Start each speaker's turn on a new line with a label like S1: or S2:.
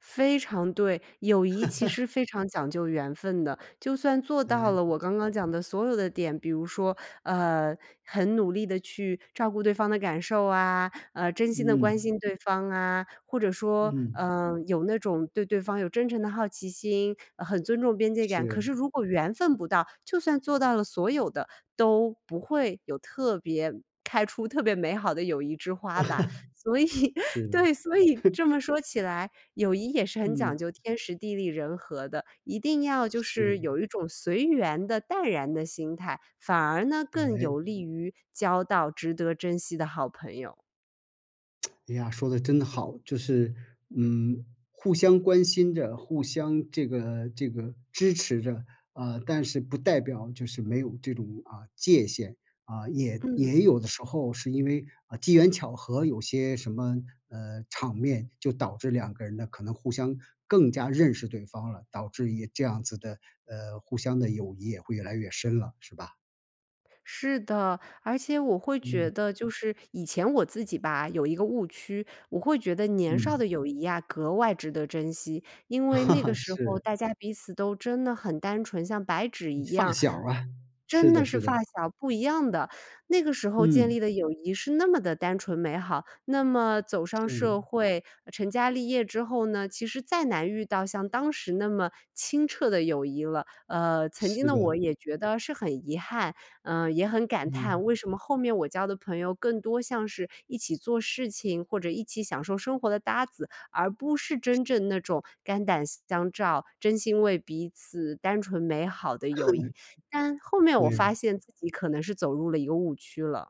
S1: 非常对，友谊其 实非常讲究缘分的。就算做到了
S2: 嗯。
S1: 我刚刚讲的所有的点，比如说，呃，很努力地去照顾对方的感受啊，呃，真心的关
S2: 嗯。
S1: 心对方啊，或者说，
S2: 嗯。
S1: 呃，有那种对对方有真诚的好奇心，很尊重边界感。可
S2: 是。
S1: 是如果缘分不到，就算做到了所有的，都不会有特别开出特别美好的友谊之花吧。所以
S2: 是。
S1: 对，所以 这么说起来，友谊也是很讲
S2: 嗯。
S1: 究天时地利人和的，一定要就是
S2: 是。
S1: 有一种随缘的淡然的心态，反而呢更
S2: 哎。
S1: 有利于交到值得珍惜的好朋友。
S2: 哎呀，说得真好。就是，嗯，互相关心着，互相这个这个支持着，啊，但是不代表就是没有这种，啊，界限，啊，也
S1: 嗯。
S2: 也有的时候是因为，啊，机缘巧合，有些什么，呃，场面就导致两个人呢可能互相更加认识对方了，导致也这样子的，呃，互相的友谊也会越来越深了是吧？
S1: 是的，而且我会觉
S2: 嗯。
S1: 得就是以前我自己吧，有一个误区。我会觉得年少
S2: 嗯。
S1: 的友谊呀，格外值得珍惜，因为那个 时候
S2: 是。
S1: 大家彼此都真的很单纯，像白纸一
S2: 发
S1: 样
S2: 小啊，
S1: 真
S2: 是
S1: 的
S2: 的
S1: 是，
S2: 是
S1: 发
S2: 的。
S1: 小不一样的，那个时候建
S2: 嗯。
S1: 立的友谊是那么的单纯美好。那么走上社
S2: 嗯。
S1: 会，成家立业之后呢，其实再难遇到像当时那么清澈的友谊了。呃，曾经
S2: 是
S1: 的我
S2: 的。
S1: 也觉得是很遗憾，呃，也很感叹，
S2: 嗯。
S1: 为什么后面我交的朋友更多像是一起做事情，或者一起享受生活的搭子，而不是真正那种肝胆相照，真心为彼此单纯美好的友谊。但后面我
S2: 对。
S1: 发现自己可能是走入了一个误区了。